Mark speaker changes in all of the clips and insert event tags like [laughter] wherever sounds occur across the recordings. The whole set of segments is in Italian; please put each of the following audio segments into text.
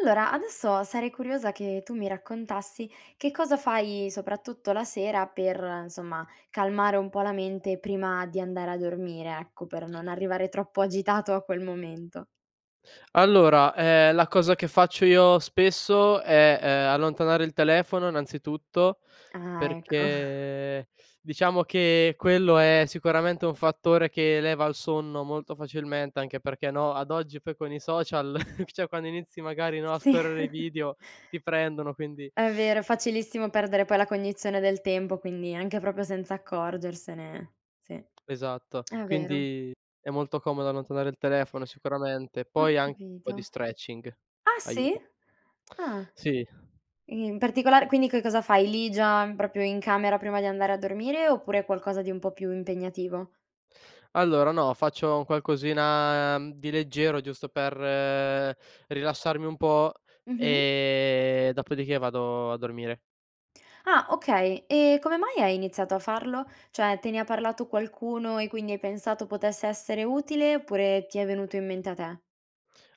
Speaker 1: Allora, adesso sarei curiosa che tu mi raccontassi che cosa, fai soprattutto la sera per, insomma, calmare un pò la mente prima di andare a dormire, ecco per non arrivare troppo agitato a quel momento.
Speaker 2: Allora, ehm, la cosa che faccio io spesso è, ehm, allontanare il telefono innanzitutto,
Speaker 1: Ah, ecco. [chuckles]
Speaker 2: perché, diciamo, che quello è sicuramente un fattore che leva al sonno molto facilmente anche perché, no, ad oggi poi con i social [chuckles] cioè, quando inizi magari, no, a
Speaker 1: Sì.
Speaker 2: scorrere i
Speaker 1: [chuckles]
Speaker 2: video ti prendono quindi
Speaker 1: È vero, è facilissimo perdere poi la cognizione del tempo quindi anche proprio senza accorgersene, sì. È
Speaker 2: Esatto.
Speaker 1: vero.
Speaker 2: Quindi, è molto comodo allontanare il telefono, sicuramente. E
Speaker 1: Ho
Speaker 2: poi an pò di
Speaker 1: capito.
Speaker 2: stretching
Speaker 1: Ah, sì?
Speaker 2: aiuta.
Speaker 1: Ah.
Speaker 2: Sì.
Speaker 1: I in particolare quindi che cosa fai lì già, proprio in camera prima di andare a dormire? Oppure, è qualcosa di un po' più impegnativo?
Speaker 2: Allora, no faccio un qualcosina, mhmm, di leggero giusto per rilassarmi un pò,
Speaker 1: Mh-mh.
Speaker 2: e dopodiché vado a dormire.
Speaker 1: Ah, okay. E come mai hai iniziato a farlo? Cioè, te ne ha parlato qualcuno e quindi hai pensato potesse essere utile? Oppure, ti è venuto in mente a te?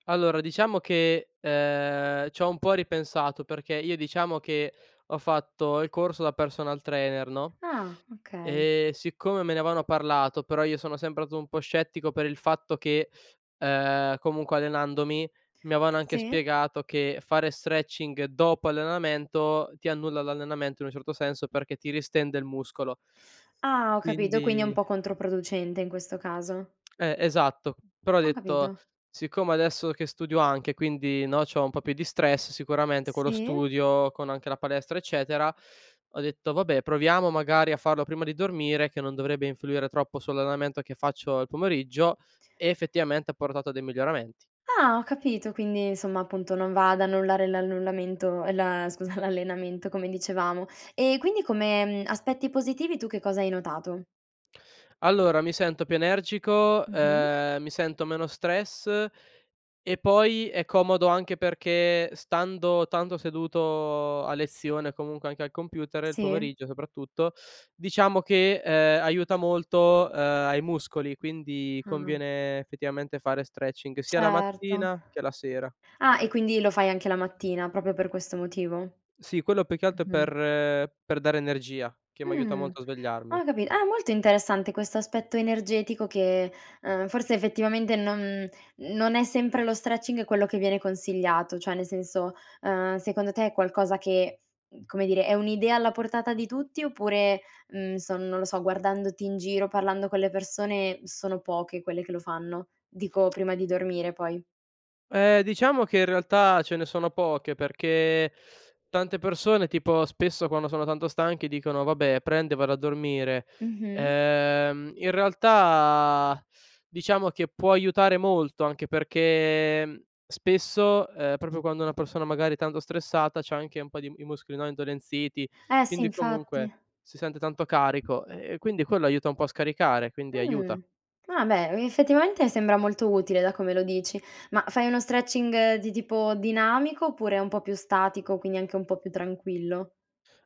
Speaker 2: Allora diciamo che, ehm, c'ho un pò ripensato perché io, diciamo, che ho fatto il corso da personal trainer, no,
Speaker 1: Ah, okay.
Speaker 2: e siccome me ne avevano parlato però io sono sempre stato un pò scettico per il fatto che, ehm, comunque allenandomi, mi avevano anche
Speaker 1: Sì.
Speaker 2: spiegato che fare stretching dopo allenamento ti annulla l'allenamento, in un certo senso, perché ti ristende il muscolo.
Speaker 1: Ah, ho capito quindi è un
Speaker 2: Quindi
Speaker 1: pò controproducente in questo caso.
Speaker 2: Eh, esatto. Però ho
Speaker 1: Ho
Speaker 2: detto:
Speaker 1: capito.
Speaker 2: "Siccome, adesso che studio anche, e quindi, no, c'ho un pò più di stress, sicuramente con lo
Speaker 1: Sì.
Speaker 2: studio, con anche la palestra, eccetera;" ho detto "Vabbè, proviamo, magari, a farlo prima di dormire, che non dovrebbe influire troppo sull'allenamento che faccio al pomeriggio," e effettivamente ha portato a dei miglioramenti.
Speaker 1: Ah, ho capito quindi, insomma, appunto, non va ad annullare l'annullamento ehm, la scusa, l'allenamento come dicevamo. Ehm, quindi come, mhmm, aspetti positivi tu che cosa hai notato?
Speaker 2: Allora, mi sento più energico,
Speaker 1: Mh-mh.
Speaker 2: ehm, mi sento meno stress e poi è comodo anche perché stando tanto seduto a lezione, comunque anche al computer il
Speaker 1: Sì.
Speaker 2: pomeriggio, soprattutto, diciamo, che, uhm, aiuta molto, uhm, ai muscoli; quindi
Speaker 1: Ah.
Speaker 2: conviene, effettivamente, fare stretching sia la
Speaker 1: Certo.
Speaker 2: mattina che la sera.
Speaker 1: Ah, e quindi lo fai anche la mattina, proprio per questo motivo? Mh-mh.
Speaker 2: Sì, quello più che altro è
Speaker 1: Mh-mh.
Speaker 2: per per dare energia, che m'aiuta
Speaker 1: Mh,
Speaker 2: molto a
Speaker 1: ho
Speaker 2: svegliarmi.
Speaker 1: capito. Ah, molto interessante questo aspetto energetico che, uhm, forse effettivamente non non è sempre lo stretching quello che viene consigliato cioè, nel senso, uhm, secondo te è qualcosa che, mhmm, come dire, è un'idea alla portata di tutti? Oppure, mhmm, so non lo so guardandoti in giro, parlando con le persone sono poche quelle che lo fanno? Dico, prima di dormire poi?
Speaker 2: Eh, diciamo che in realtà ce ne sono poche, perché tante persone, tipo, spesso quando sono tanto stanche dicono: "Vabbè, prendo e vado a dormire,"
Speaker 1: Mh-mh.
Speaker 2: ehm, in realtà, diciamo, che può aiutare molto anche perché, mhmm, spesso, uhm, proprio quando una persona, magari, è tanto stressata, c'ha anche un pò di i muscoli, no, indolenziti
Speaker 1: Eh sì,
Speaker 2: quindi, comunque,
Speaker 1: infatti.
Speaker 2: si sente tanto carico; ehm, e quindi quello aiuta un pò a scaricare, quindi aiuta.
Speaker 1: Mh. Ah beh, mi effettivamente sembra molto utile da come lo dici. Ma, fai uno stretching di tipo dinamico? Oppure un pò più statico, quindi anche un pò più tranquillo?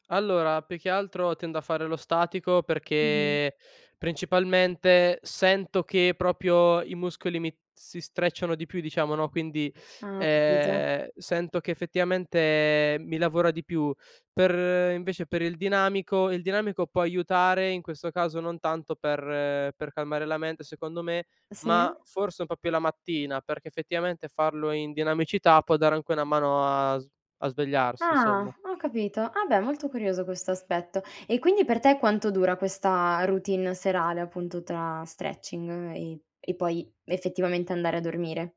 Speaker 2: Allora, più che altro tendo a fare lo statico,
Speaker 1: Mh-mh.
Speaker 2: perché principalmente sento che proprio i muscoli mi si strecciano di più diciamo, no, quindi,
Speaker 1: Ah, ho capito.
Speaker 2: ehm, sento che effettivamente mi lavora di più. Per invece per il dinamico il dinamico pò aiutare, in questo caso non tanto per per calmare la mente, secondo me; ma
Speaker 1: Sì.
Speaker 2: forse un pò più la mattina perché, effettivamente, farlo in dinamicità può dare anche una mano a sv a svegliarsi,
Speaker 1: Ah!
Speaker 2: insomma.
Speaker 1: Ho capito. Ah, beh! Molto curioso questo aspetto. E quindi per te quanto dura questa routine serale, appunto, tra stretching e e poi effettivamente andare a dormire?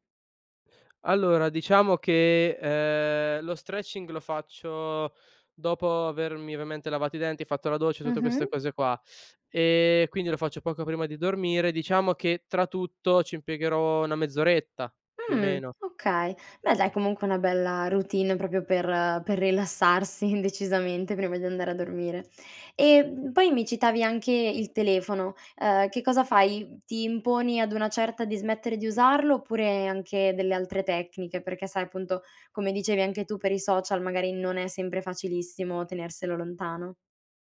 Speaker 2: Allora diciamo che, ehm, lo stretching lo faccio dopo avermi, ovviamente lavato i denti, e fatto la doccia, e tutte queste
Speaker 1: Mh-mh.
Speaker 2: cose qua, ehm, quindi lo faccio poco prima di dormire; diciamo che, tra tutto, ci impiegherò 1 mezz'oretta, più o
Speaker 1: Mh,
Speaker 2: meno.
Speaker 1: okay. Beh dai, comunque è una bella routine, proprio per per rilassarsi, decisamente, prima di andare a dormire. E, mhmm, poi mi citavi anche il telefono, uhm, che cosa fai? Ti imponi ad una certa di smettere di usarlo? Oppure, anche delle altre tecniche? Perché sai, appunto, come dicevi anche tu, per i social magari non è sempre facilissimo tenerselo lontano.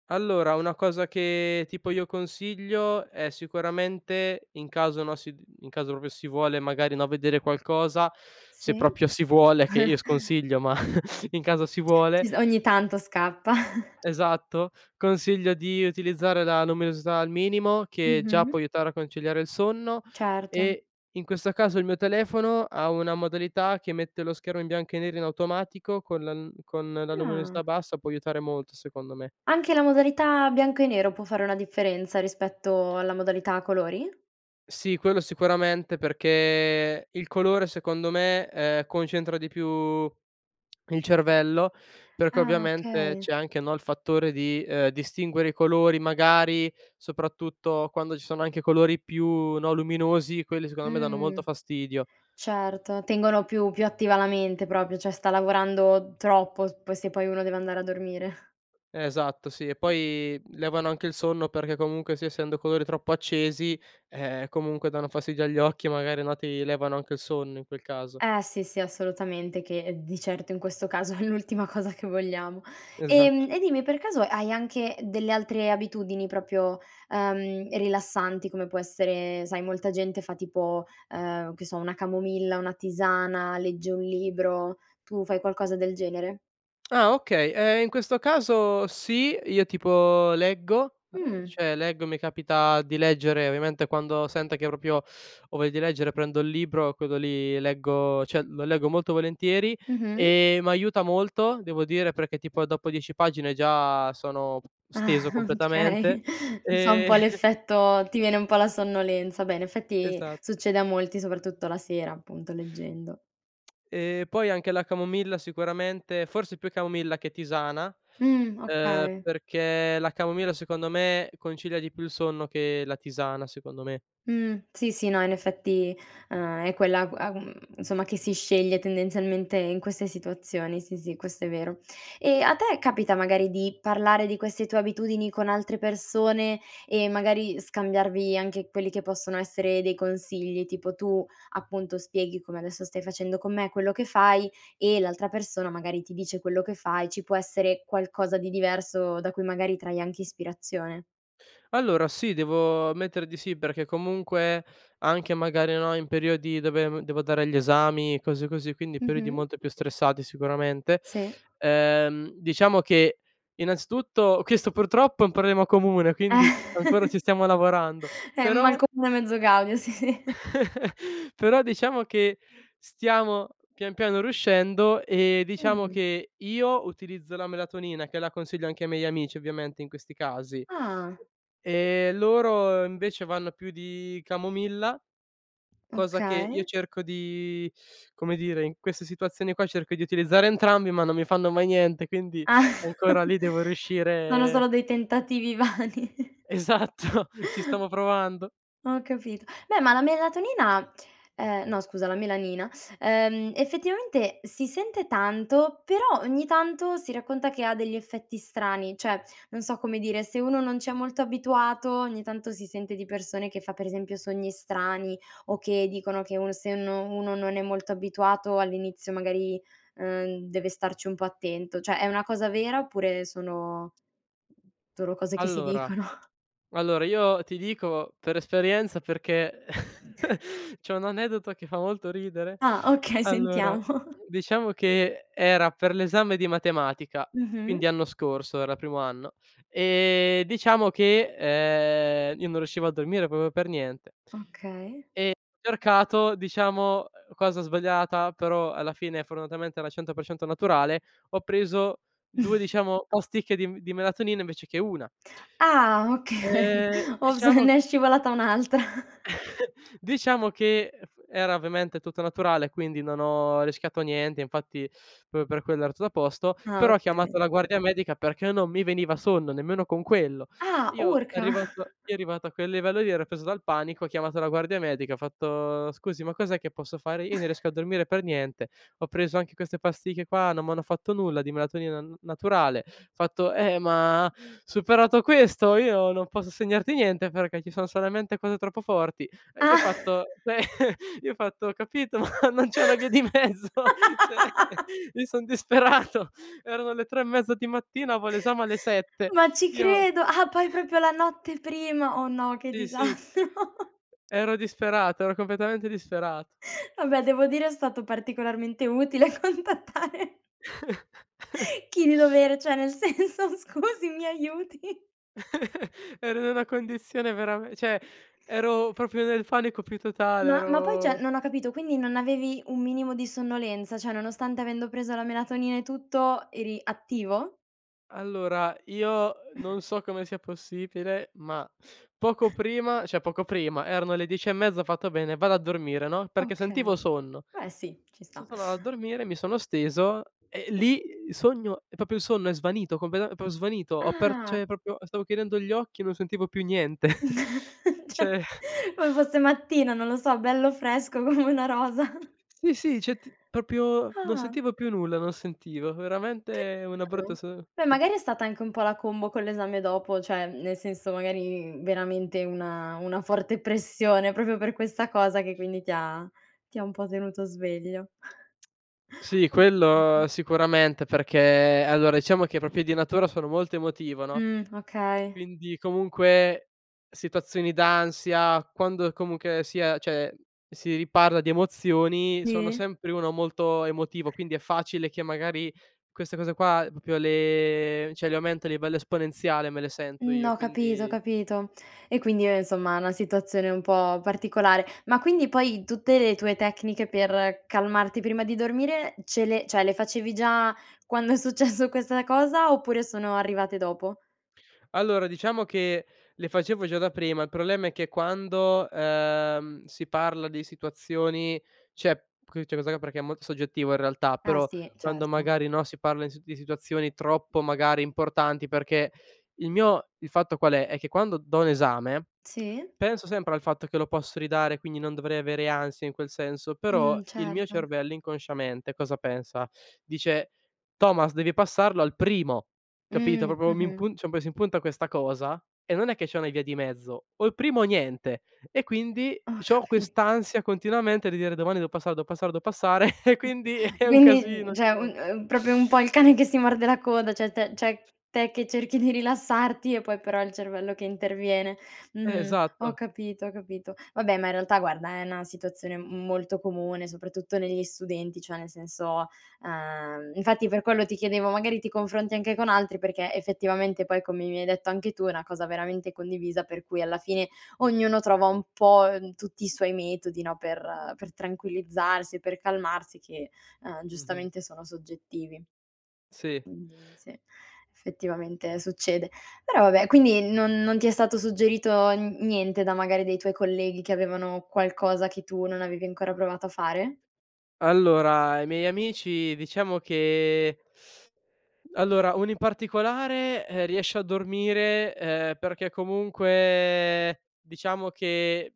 Speaker 2: Allora una cosa che, tipo, io consiglio è sicuramente in caso, no, si di in caso proprio si vuole, e magari, no, vedere qualcosa, se
Speaker 1: Sì.
Speaker 2: proprio si vuole, che io
Speaker 1: [chuckles]
Speaker 2: sconsiglio ma [chuckles] in caso si vuole
Speaker 1: Ci so ogni tanto scappa. [chuckles]
Speaker 2: esatto, consiglio di utilizzare la luminosità al minimo, che già può
Speaker 1: Mh-mh.
Speaker 2: aiutare a conciliare il sonno;
Speaker 1: Certo.
Speaker 2: e, in questo caso, il mio telefono ha una modalità che mette lo schermo in bianco e nero in automatico, con la n con la luminosità
Speaker 1: Ah.
Speaker 2: bassa può aiutare molto, secondo me.
Speaker 1: Anche la modalità bianco e nero può fare una differenza, rispetto alla modalità a colori?
Speaker 2: Sì, quello sicuramente perché il colore secondo me, ehm, concentra di più il cervello perché,
Speaker 1: Ah,
Speaker 2: ovviamente,
Speaker 1: okay.
Speaker 2: c'è anche, no, il fattore di, uhm, distinguere i colori, magari, soprattutto quando ci sono anche colori più, no, luminosi; quelli secondo me danno
Speaker 1: Mh.
Speaker 2: molto fastidio.
Speaker 1: Certo tengono più più attiva la mente proprio, cioè, sta lavorando troppo s poi se poi uno deve andare a dormire. [chuckles]
Speaker 2: Eh esatto, sì. E poi levano anche il sonno perché comunque, sì, essendo colori troppo accesi, ehm, comunque danno fastidio agli occhi magari, no, ti levano anche il sonno in quel caso.
Speaker 1: Eh sì, sì assolutamente che di certo, in questo caso, è l'ultima cosa che vogliamo.
Speaker 2: Esatto.
Speaker 1: Ehm, e dimmi per caso hai anche delle altre abitudini proprio, ehm, rilassanti come può essere sai molta gente fa tipo, ehm, che so una camomilla, una tisana, legge un libro, tu fai qualcosa del genere?
Speaker 2: Ah, okay. Ehm, in questo caso sì. Io, tipo, leggo, uhm,
Speaker 1: Mh.
Speaker 2: cioè leggo, mi capita di leggere. Ovviamente, quando sento che proprio ho voglia di leggere prendo il libro, quello lì leggo cioè, lo leggo molto volentieri,
Speaker 1: Mh-mh.
Speaker 2: e m'aiuta molto, devo dire, perché tipo dopo 10 pagine già sono
Speaker 1: Ah,
Speaker 2: steso completamente.
Speaker 1: okay. Dici ha un
Speaker 2: Ehm
Speaker 1: pò
Speaker 2: [chuckles]
Speaker 1: l'effetto ti viene un pò la sonnolenza; beh, in effetti
Speaker 2: Esa
Speaker 1: succede a molti soprattutto la sera, appunto leggendo.
Speaker 2: Ehm, poi anche la camomilla sicuramente forse più camomilla che tisana,
Speaker 1: Mh,
Speaker 2: uhm,
Speaker 1: okay.
Speaker 2: perché la camomilla, secondo me, concilia di più il sonno che la tisana, secondo me.
Speaker 1: Mh. Sì, sì no in effetti, uhm, è quella agu agu mhmm, insomma che si sceglie tendenzialmente in queste situazioni, sì, sì questo è vero. E a te capita, magari, di parlare di queste tue abitudini con altre persone e, magari, scambiarvi anche quelli che possono essere dei consigli? Tipo, tu, appunto, spieghi, come adesso stai facendo con me, quello che fai e l'altra persona magari ti dice quello che fa, e ci può essere qualcosa di diverso da cui, magari, trai anche ispirazione?
Speaker 2: Allora sì, devo ammettere di sì, perché comunque anche, magari, no, in periodi dove, mhmm, devo dare gli esami, cose così, quindi periodi
Speaker 1: Mh-mh.
Speaker 2: molto più stressati sicuramente,
Speaker 1: Sì.
Speaker 2: ehm, diciamo che innanzitutto questo purtroppo è un problema comune, quindi ancora ci stiamo
Speaker 1: [chuckles]
Speaker 2: lavorando,
Speaker 1: È "mal
Speaker 2: però
Speaker 1: comune, mezzo gaudio" sì.
Speaker 2: [chuckles] però diciamo che stiamo, pian piano, riuscendo e, diciamo,
Speaker 1: Mh.
Speaker 2: che io utilizzo la melatonina che la consiglio anche ai miei amici, ovviamente, in questi casi;
Speaker 1: Ah.
Speaker 2: e loro, invece, vanno più di camomilla cosa che io
Speaker 1: Okay.
Speaker 2: cerco di, come dire, in queste situazioni qua cerco di utilizzare entrambi, ma non mi fanno mai niente quindi,
Speaker 1: [chuckles]
Speaker 2: ancora, lì devo
Speaker 1: Sono
Speaker 2: riuscire
Speaker 1: solo dei tentativi vani. [chuckles]
Speaker 2: Esatto! Ci stamo provando.
Speaker 1: Ho capito. Beh, ma la melatonina, ehm, no scusa la melanina, ehm, effettivamente si sente tanto però, ogni tanto si racconta che ha degli effetti strani. Cioè, non so come dire, se uno non c'è molto abituato ogni tanto si sente di persone che fa, per esempio, sogni strani o che dicono che uno se no uno non è molto abituato all'inizio magari, uhm, deve starci un pò attento; cioè, è una cosa vera oppure sono solo cose che si
Speaker 2: Allora
Speaker 1: dicono? [chuckles]
Speaker 2: allora, io ti dico per esperienza perché [chuckles]
Speaker 1: [chuckles]
Speaker 2: c'ho un aneddoto che fa molto ridere.
Speaker 1: Ah! Okay,
Speaker 2: Allora,
Speaker 1: sentiamo! [chuckles]
Speaker 2: diciamo che, uhm, era per l'esame di matematica,
Speaker 1: Mh-mh.
Speaker 2: quindi anno scorso era primo anno, e diciamo che, uhm, io non riuscivo a dormire proprio per niente
Speaker 1: Okay.
Speaker 2: e cercato, diciamo, uhm, cosa sbagliata però, alla fine fortunatamente era 100% naturale, ho preso 2
Speaker 1: [snorts]
Speaker 2: diciamo, ostiche di m di melatonina invece che una.
Speaker 1: Ah! Okay,
Speaker 2: E
Speaker 1: "Ops!
Speaker 2: diciamo
Speaker 1: Ne è
Speaker 2: ch
Speaker 1: scivolata un'altra. [chuckles]
Speaker 2: [chuckles] diciamo che, uhm, f era ovviamente tutto naturale e quindi non ho rischiato niente, infatti proprio per quello era tuta a posto;
Speaker 1: Ah
Speaker 2: però ho
Speaker 1: okay,
Speaker 2: chiamato
Speaker 1: bene.
Speaker 2: la guardia medica perché non mi veniva sonno, nemmeno con quello.
Speaker 1: Ah,
Speaker 2: Io,
Speaker 1: urca!
Speaker 2: arrivato
Speaker 1: [chuckles]
Speaker 2: io arrivato a quel livello lì ero preso dal panico, ho chiamato la guardia medica, ho fatto: "Scusi, ma cos'è che posso fare? Io non riesco a
Speaker 1: [chuckles]
Speaker 2: dormire per niente, ho preso anche queste pasticche qua, non m'hanno fatto nulla, di melatonina n naturale." Fatto: "Eh, ma superato questo io non posso segnarti niente, perché ci sono solamente cose troppo forti." Io ho
Speaker 1: Ah! [chuckles]
Speaker 2: fatto [chuckles] io ho fatto: "Ho capito, ma non c'è una via di mezzo?
Speaker 1: [chuckles]
Speaker 2: Cioè;
Speaker 1: [laughs]
Speaker 2: io son disperato!" Erano le 3 e mezza di mattina, avevo l'esame alle
Speaker 1: [chuckles]
Speaker 2: 7:00!
Speaker 1: Ma ci
Speaker 2: Io
Speaker 1: credo! Ah, poi
Speaker 2: [chuckles]
Speaker 1: proprio la notte prima! Oh, no che
Speaker 2: Sì, sì.
Speaker 1: disastro! [chuckles]
Speaker 2: Ero disperato, ero completamente disperato.
Speaker 1: [chuckles] Vabbè devo dire è stato particolarmente utile contattare
Speaker 2: [chuckles]
Speaker 1: chi di dovere cioè, nel senso: "Scusi, mi aiuti!"
Speaker 2: [chuckles] Ero in una condizione verame cioè, ero proprio nel panico più totale,
Speaker 1: Ma ma poi cioè,
Speaker 2: ero
Speaker 1: non ho capito, quindi non avevi un minimo di sonnolenza? Cioè, nonostante, avendo preso la melatonina e tutto, eri attivo?
Speaker 2: Allora, io non so
Speaker 1: [chuckles]
Speaker 2: come sia possibile, ma, poco
Speaker 1: [chuckles]
Speaker 2: prima cioè, poco prima, erano le 10 e mezza, ho fatto: "Bene, vado a dormire, no," perché sentivo
Speaker 1: Okay.
Speaker 2: sonno.
Speaker 1: Beh, sì. Ci
Speaker 2: So
Speaker 1: sta.
Speaker 2: tornato a dormire, mi sono steso e lì sogno e proprio il sonno è svanito completame è pro svanito, ho aper
Speaker 1: Ah!
Speaker 2: cioè, proprio, ehm, stavo chiudendo gli occhi e non sentivo più niente, [chuckles]
Speaker 1: [chuckles] Cioè,
Speaker 2: cioè
Speaker 1: come fosse mattina, non lo so, bello fresco come una rosa. [chuckles]
Speaker 2: Sì, sì cioè, ti proprio non
Speaker 1: Ah.
Speaker 2: sentivo più nulla, non sentivo.
Speaker 1: Che
Speaker 2: Veramente una brutta
Speaker 1: strano!
Speaker 2: se
Speaker 1: Beh,
Speaker 2: mh.
Speaker 1: magari è stata anche un pò la combo con l'esame dopo cioè, mhmm, nel senso, magari veramente una una forte pressione, proprio per questa cosa che quindi ti ha ti ha un pò tenuto sveglio.
Speaker 2: Sì,
Speaker 1: [chuckles] Mh-mh.
Speaker 2: quello sicuramente perché allora, diciamo che proprio di natura sono molto emotivo, no,
Speaker 1: Mh, okay.
Speaker 2: quindi comunque situazioni d'ansia quando, comunque sia cioè, si riparla di emozioni, sono
Speaker 1: Sì?
Speaker 2: sempre uno molto emotivo quindi è facile che magari queste cose qua proprio le cioè, le aumento a livello esponenziale me le sento
Speaker 1: N
Speaker 2: io,
Speaker 1: ho capito ho
Speaker 2: quindi
Speaker 1: capito. E quindi, uhm, insomma, una situazione un pò particolare. Ma quindi poi tutte le tue tecniche per calmarti prima di dormire ce le cioè, le facevi già quando è successo questa cosa, oppure sono arrivate dopo?
Speaker 2: Allora, diciamo che le facevo già da prima. Il problema è che quando, uhm, si parla di situazioni cioè, [unintelligible] perché è molto soggettivo in realtà,
Speaker 1: Eh
Speaker 2: però
Speaker 1: sì,
Speaker 2: quando
Speaker 1: certo.
Speaker 2: magari, no, si parla in di situazioni troppo, magari, importanti perché il mio il fatto qual è? È che quando dò un esame,
Speaker 1: Sì.
Speaker 2: penso sempre al fatto che lo posso ridare quindi non dovrei avere ansia in quel senso, però
Speaker 1: Mh,
Speaker 2: il mio
Speaker 1: certo.
Speaker 2: cervello, inconsciamente cosa pensa? Dice: "Thomas devi passarlo al primo, capito?"
Speaker 1: Mh.
Speaker 2: Proprio, mi
Speaker 1: Mh-mh.
Speaker 2: impun cioè, un pò si impunta questa cosa, e non è che c'è una via di mezzo: o il primo o niente. E quindi
Speaker 1: Ho
Speaker 2: c'ho
Speaker 1: capi
Speaker 2: quest'ansia continuamente di dire: "domani devo passare, devo passare, devo passare," [chuckles] e
Speaker 1: [chuckles]
Speaker 2: quindi è un
Speaker 1: Quindi
Speaker 2: casino
Speaker 1: n
Speaker 2: ogni
Speaker 1: cioè, un
Speaker 2: volta!
Speaker 1: uhm, proprio un pò il cane che si morde la coda cioè, te cioè te che cerchi di rilassarti, e poi però il cervello che interviene.
Speaker 2: Eh,
Speaker 1: Mh-mh, ho
Speaker 2: esatto.
Speaker 1: capito ho capito. Vabbè ma in realtà, guarda, è una situazione m molto comune, soprattutto negli studenti; cioè nel senso, ehm infatti per quello ti chiedevo "magari ti confronti anche con altri," perché effettivamente poi come mi hai detto anche tu è una cosa veramente condivisa per cui alla fine ognuno trova un pò, ehm, tutti i suoi metodi, no, per per tranquillizzarsi, per calmarsi che, uhm,
Speaker 2: Mh-mh.
Speaker 1: giustamente sono soggettivi.
Speaker 2: Sì.
Speaker 1: Quindi, sì effettivamente succede. Però, vabbè quindi non non ti è stato suggerito n niente da, magari, dei tuoi colleghi che avevano qualcosa che tu non avevi ancora provato a fare?
Speaker 2: Allora, ai miei amici diciamo che allora, uno in particolare, ehm, riesce a dormire, uhm, perché comunque diciamo che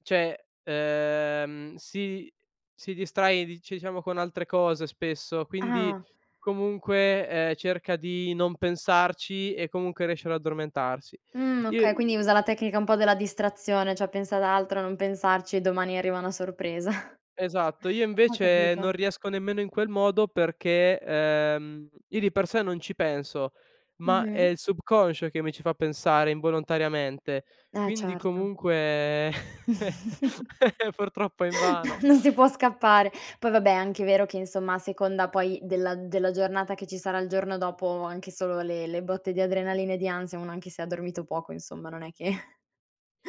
Speaker 2: cioè, uhm, si si distrae di cioè, diciamo con altre cose spesso quindi,
Speaker 1: Ah!
Speaker 2: comunque, uhm, cerca di non pensarci e comunque riesce ad addormentarsi.
Speaker 1: Mh,
Speaker 2: Io
Speaker 1: okay. Quindi usa la tecnica un pò della distrazione cioè: "pensa ad altro, a non pensarci e domani arriva una sorpresa." [chuckles]
Speaker 2: Esatto. Io
Speaker 1: Ho
Speaker 2: invece
Speaker 1: capito.
Speaker 2: non riesco nemmeno in quel modo perché, uhm, io di per sé non ci penso, ma è
Speaker 1: Mh-mh.
Speaker 2: il subconscio che mi ci fa pensare involontariamente
Speaker 1: Eh,
Speaker 2: quindi,
Speaker 1: certo.
Speaker 2: comunque [chuckles]
Speaker 1: [chuckles]
Speaker 2: [laughs] purtroppo è invano.
Speaker 1: Non si può scappare. Poi vabbè, è anche vero che, insomma, a seconda poi della della giornata che ci sarà il giorno dopo, anche solo le le botte di adrenalina e di ansia, uno anche se ha dormito poco, insomma, non è che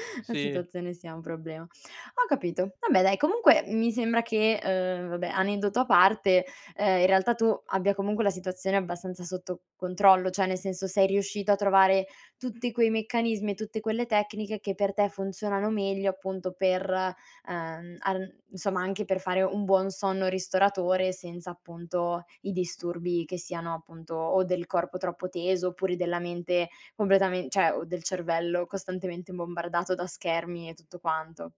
Speaker 1: [chuckles] la
Speaker 2: Sì.
Speaker 1: situazione sia un problema. Ho capito. Vabbè dai, comunque mi sembra che, uhm, vabbè, aneddoto a parte, ehm, in realtà tu abbia comunque la situazione abbastanza sotto controllo cioè, nel senso: sei riuscito a trovare tutti quei meccanismi e tutte quelle tecniche che per te funzionano meglio appunto per, uhm, arn insomma, anche per fare un buon sonno ristoratore senza, appunto, i disturbi che siano, appunto, o del corpo troppo teso, oppure della mente completamen cioè, o del cervello costantemente bombardato da schermi e tutto quanto.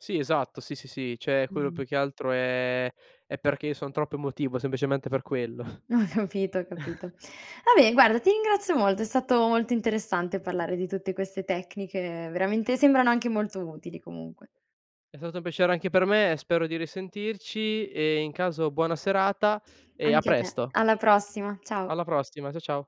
Speaker 2: Sì, esatto, sì, sì, sì. Cioè, quello
Speaker 1: Mh-mh.
Speaker 2: più che altro è è perché io son troppo emotivo, semplicemente per quello.
Speaker 1: Ho capito ho capito.
Speaker 2: [chuckles]
Speaker 1: Vabbè guarda ti ringrazio molto, è stato molto interessante parlare di tutte queste tecniche, veramente. Sembrano anche molto utili comunque.
Speaker 2: È stato un piacere anche per me, e spero di risentirci e in caso buona serata e a
Speaker 1: Anche a te.
Speaker 2: presto.
Speaker 1: Alla prossima, ciao!
Speaker 2: Alla prossima. Ciao, ciao.